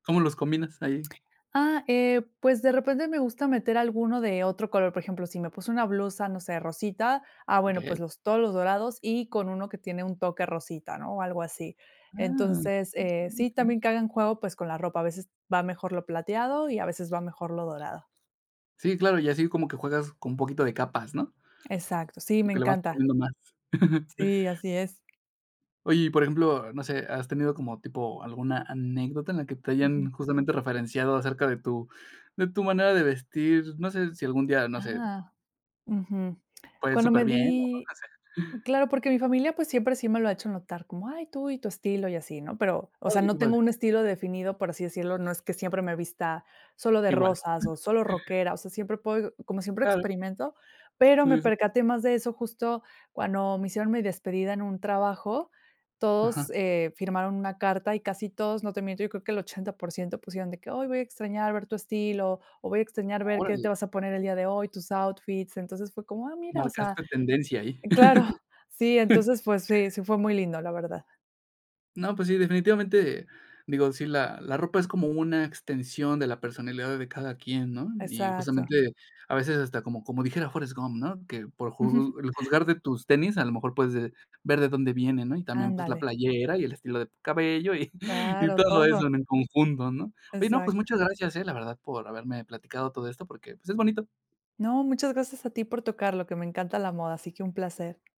¿Cómo los combinas ahí? Ah, eh, pues, de repente me gusta meter alguno de otro color. Por ejemplo, si me puse una blusa, no sé, rosita, ah, bueno, pues Okey. los todos los dorados y con 1 que tiene un toque rosita, ¿no?, o algo así. Ah. Entonces, eh, sí, [unintelligible] también que hagan juego, pues, con la ropa. A veces va mejor lo plateado y a veces va mejor lo dorado. Sí, claro. Y así como que juegas con un poquito de capas, ¿no? Exacto. Sí, Como me que le vas encanta. poniendo más. Sí, así es. Oye, y por ejemplo, no sé, ¿has tenido como tipo alguna anécdota en la que te Ujú. hayan justamente referenciado acerca de tu de tu manera de vestir? No sé, si algún día, no sé Ah. Ujú. Pues, Cuando me superbién, ¿no? di Así. claro, porque mi familia, pues, siempre sí me lo ha hecho notar, como: "Ay, tú y tu estilo y así", ¿no? Pero, o sea, Órale. no Qué padre. tengo un estilo definido, por así decirlo. No es que siempre me vista solo de Igual. rosas o solo rockera. O sea, siempre puedo como siempre Claro. experimento, pero me Sí, sí. percaté más de eso justo cuando me hicieron mi despedida en un trabajo. Todos, Ajá. eh, firmaron una carta y casi todos, no te miento, yo creo que el 80% pusieron de que: "Ay, voy a extrañar ver tu estilo", o "voy a extrañar ver qué Órale. te vas a poner el día de hoy, tus outfits". Entonces fue como: "Ah, mira". O sea Marcaste tendencia ahí. claro. Sí, entonces, pues sí, sí fue muy lindo, la verdad. No, pues sí, definitivamente. Digo, sí, la la ropa es como una extensión de la personalidad de cada quien, ¿no? Y Exacto. justamente, a veces hasta como como dijera Forrest Gump, ¿no? Que: "Por ju el juzgar de tus tenis, a lo mejor puedes, eh, ver de dónde vienen", ¿no? Y también, pues, la Ándale. playera y el estilo de tu cabello y y Claro. todo Todo. eso en en conjunto, ¿no? Oye, no, Exacto. pues, muchas gracias, ¿eh?, la verdad, por haberme platicado todo esto, porque, pues, es bonito. No, muchas gracias a ti por tocarlo. Que me encanta la moda, así que un placer.